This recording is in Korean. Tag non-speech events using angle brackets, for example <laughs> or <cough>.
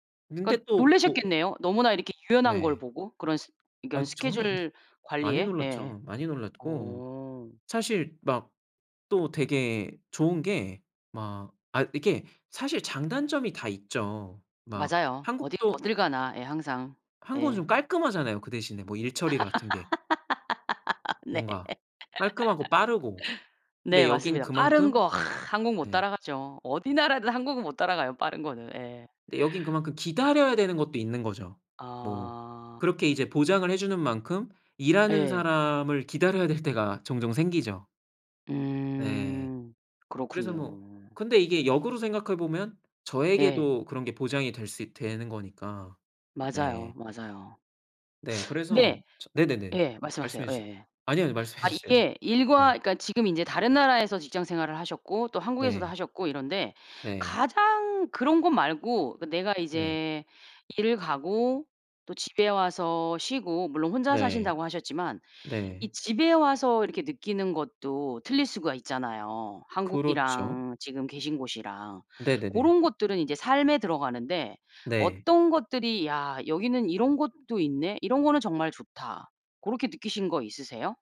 근데 그러니까 또 뭐 놀라셨겠네요. 너무나 이렇게 유연한 걸 네. 보고 그런 스 아 이건 저는 스케줄 많이 관리에. 예. 놀랐죠. 많이 놀랐고 어. 사실 막 또 되게 좋은 게 막 아 이렇게 사실 장단점이 다 있죠. 막 맞아요. 어딜 한국도 어딜 가나 예 항상. 한국은 예. 좀 깔끔하잖아요, 그 대신에 뭐 일처리 같은 게. <laughs> 네. <laughs> 뭔가 깔끔하고 빠르고 네 근데 여긴 맞습니다. 빠른 그만큼 거 한국 못 네. 따라가죠. 어디 나라든 한국은 못 따라가요, 빠른 거는. 예. 근데 여긴 그만큼 기다려야 되는 것도 있는 거죠. 뭐 아. 그렇게 이제 보장을 해 주는 만큼 일하는 예. 사람을 기다려야 될 때가 종종 생기죠. 예. 음. 그래서 뭐 그렇군요. 근데 이게 역으로 생각해 보면 예. 저에게도 그런 게 보장이 될 수 있 되는 거니까. 맞아요, 네. 맞아요. 네. <sucks teeth> 그래서 네. 저 네네네. 예. 말씀하세요. 말씀해 주세요. 예예. 아니요, 아니요. 말씀해 아 주세요. 이게 일과 네. 그니까 지금 인제 다른 나라에서 직장 생활을 하셨고 또 한국에서도 네. 하셨고 이런데 네. 가장 그런 것 말고 그 내가 네. 이제 일을 가고 또 집에 와서 쉬고 물론 혼자 네. 사신다고 하셨지만 네. 이 집에 와서 이렇게 느끼는 것도 틀릴 수가 있잖아요, 그렇죠. 한국이랑 지금 계신 곳이랑. 네네네. 고런 것들은 이제 삶에 들어가는데 네. 어떤 것들이 '야 여기는 이런 곳도 있네. 이런 거는 정말 좋다.' 고렇게 느끼신 거 있으세요?